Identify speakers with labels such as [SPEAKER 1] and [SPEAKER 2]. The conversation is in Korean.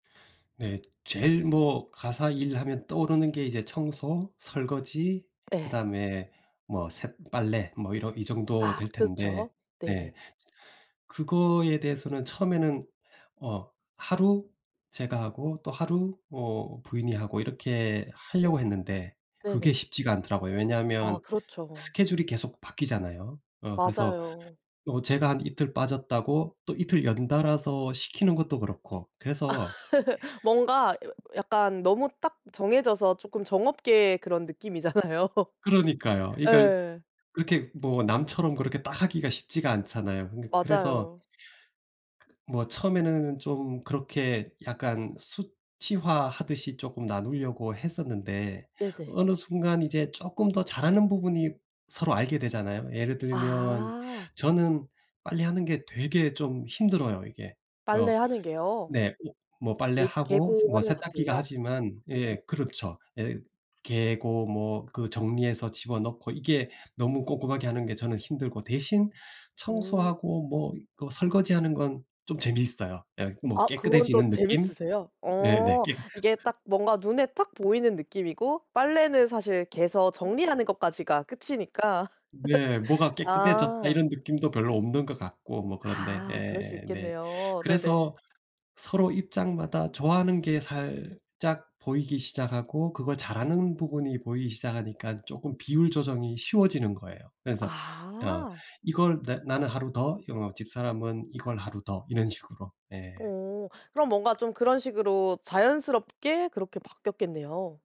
[SPEAKER 1] 네. 제일 뭐 가사 일하면 떠오르는 게 이제 청소, 설거지
[SPEAKER 2] 예.
[SPEAKER 1] 그다음에 뭐 세 빨래 뭐 이런 이 정도
[SPEAKER 2] 아
[SPEAKER 1] 될 텐데
[SPEAKER 2] 그쵸.
[SPEAKER 1] 네
[SPEAKER 2] 네네.
[SPEAKER 1] 그거에 대해서는 처음에는 어 하루 제가 하고 또 하루 뭐 부인이 하고 이렇게
[SPEAKER 2] 어.
[SPEAKER 1] 하려고 했는데 그게
[SPEAKER 2] 네네.
[SPEAKER 1] 쉽지가 않더라고요.
[SPEAKER 2] 아
[SPEAKER 1] 왜냐하면
[SPEAKER 2] 그렇죠.
[SPEAKER 1] 스케줄이 계속 바뀌잖아요. 어 그래서
[SPEAKER 2] 맞아요.
[SPEAKER 1] 어 제가 한 이틀 빠졌다고 또 이틀 연달아서 시키는 것도 그렇고. 그래서
[SPEAKER 2] 뭔가 야 약간 너무 딱 정해져서 조금 정 없게 그런 느낌이잖아요.
[SPEAKER 1] 그러니까요. 이 그러니까
[SPEAKER 2] 예.
[SPEAKER 1] 그렇게 뭐 남처럼 그렇게 딱 하기가 쉽지가 않잖아요. 그니 그래서
[SPEAKER 2] 맞아요.
[SPEAKER 1] 뭐 처음에는 좀 그렇게 약간 수치화하듯이 쪼끔 나누려고 했었는데
[SPEAKER 2] 네네.
[SPEAKER 1] 어느 순간 이제 쪼끔 더 잘하는 부분이 서로 알게 되잖아요. 예를 들면
[SPEAKER 2] 아.
[SPEAKER 1] 저는 빨래하는 게 되게 좀 힘들어요, 이게. 어
[SPEAKER 2] 빨래하는 게요?
[SPEAKER 1] 네. 어 뭐
[SPEAKER 2] 개
[SPEAKER 1] 빨래하고
[SPEAKER 2] 개고
[SPEAKER 1] 뭐
[SPEAKER 2] 하는
[SPEAKER 1] 세탁기가
[SPEAKER 2] 것들요?
[SPEAKER 1] 하지만
[SPEAKER 2] 네.
[SPEAKER 1] 예 그렇죠. 예 개고 뭐 그 정리해서 집어넣고 이게 너무 꼼꼼하게 하는 게 저는 힘들고 대신
[SPEAKER 2] 음.
[SPEAKER 1] 청소하고 뭐 그 설거지하는 건 좀 재미있어요. 예 뭐
[SPEAKER 2] 아 그건 또
[SPEAKER 1] 깨끗해지는 느낌.
[SPEAKER 2] 재밌으세요?
[SPEAKER 1] 예네.
[SPEAKER 2] 어
[SPEAKER 1] 깨
[SPEAKER 2] 이게 딱 뭔가 눈에 딱 보이는 느낌이고 빨래는 사실 개서
[SPEAKER 1] 어.
[SPEAKER 2] 정리하는 것까지가 끝이니까?
[SPEAKER 1] 네. 뭐가 깨끗해졌다 이런
[SPEAKER 2] 아.
[SPEAKER 1] 느낌도 별로 없는 것 같고 뭐 그런데
[SPEAKER 2] 아 그럴 수
[SPEAKER 1] 예 네.
[SPEAKER 2] 있겠네요. 네네.
[SPEAKER 1] 그래서 서로 입장마다 좋아하는 게 살짝 보이기 시작하고 그걸 잘하는 부분이 보이기 시작하니까 쪼금 비율 조정이 쉬워지는 거예요. 그래서 어
[SPEAKER 2] 아.
[SPEAKER 1] 이걸 나 나는 하루 더 이 뭐 집사람은 이걸 하루 더 이런 식으로. 예.
[SPEAKER 2] 어 그럼 뭔가 좀 그런 식으로 자연스럽게 그렇게 바뀌었겠네요.